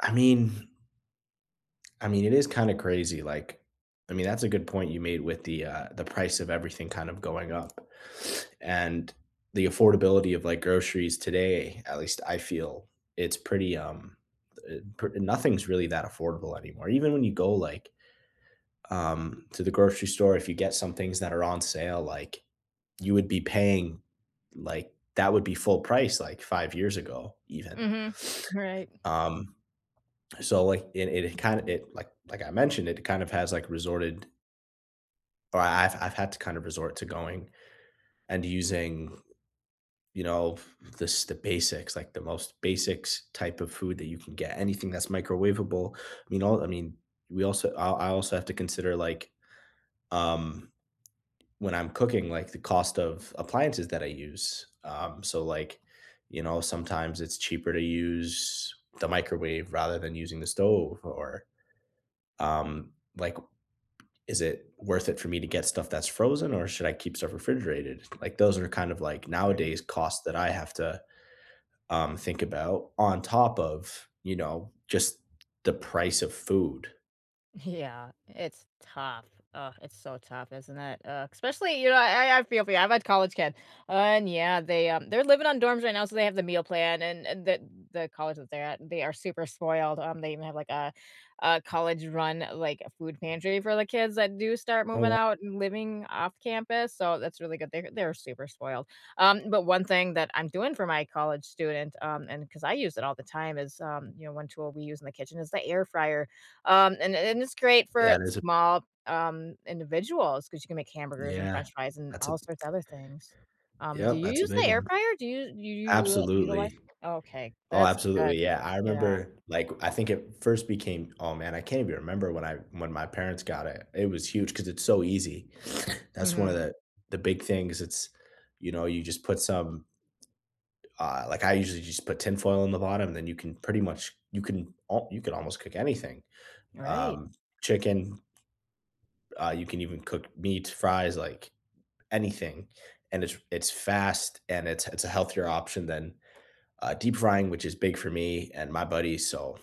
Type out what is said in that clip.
I mean I mean, it is kinda crazy, like, I mean, that's a good point you made with the, uh, the price of everything kind of going up and the affordability of, like, groceries today, at least I feel it's pretty, um, eh, pr nothing is really that affordable anymore. Even when you go, like, um, to the grocery store, if you get some things that are on sale, like, you would be paying, like, that would be full price, like, 5 years ago even. Mhm, right. Um, so, like, it it kind it, like like, I mentioned, it kind of has, like, resorted or I've I've had to kind of resort to going, and using, you know, the s the basics, like, the most basics type of food that you can get. Anything that's microwavable, you know, I mean, we also, I I also have to consider, like, um, when I'm cooking, like, the cost of appliances that I use, um, so, like, you know, sometimes it's cheaper to use the microwave rather than using the stove or, um, like, is it worth it for me to get stuff that's frozen, or should I keep stuff refrigerated? Like, those are kind of, like, Right. nowadays costs that I have to, um, think about on top of, you know, just the price of food. Yeah, it's tough. Ugh, it's so tough, isn't it? Ugh, especially, you know, I I feel for you, I've had college kids, and yeah, they, um, they're living on dorms right now, so they have the meal plan, and and the the college that they're at they are super spoiled, um, they even have, like, a, uh, college run, like, a food pantry for the kids that do start Oh, moving yeah. out and living off campus, so that's really good. They're they're super spoiled. Um, but, one thing that I'm doing for my college students, um, and 'cause I use it all the time is, um, you know, one tool we use in the kitchen is the air fryer. Um, and and it's great for That is a small, um, individuals, 'cause you can make hamburgers and Yeah, french fries and that's a all sorts of other things. Um, do Yep, you that's a use big the air one. fryer? Do you do you utilize? Absolutely. Oh, okay Oh, that's good, absolutely, yeah, I yeah. remember, like, I think it first became oh, man, I can't even remember when I, when my parents got it, it was huge 'cause it's so easy. That's one of Mhm. the, the big things it's, you know, you just put some Uh, like, I usually just put tin foil on the bottom, and then you can pretty much, you can you can al almost cook anything, Right. um, chicken uh, you can even cook meat, fries, like anything, and it's it's fast, and it's it's a healthier option than, uh, deep frying, which is big for me and my buddies, so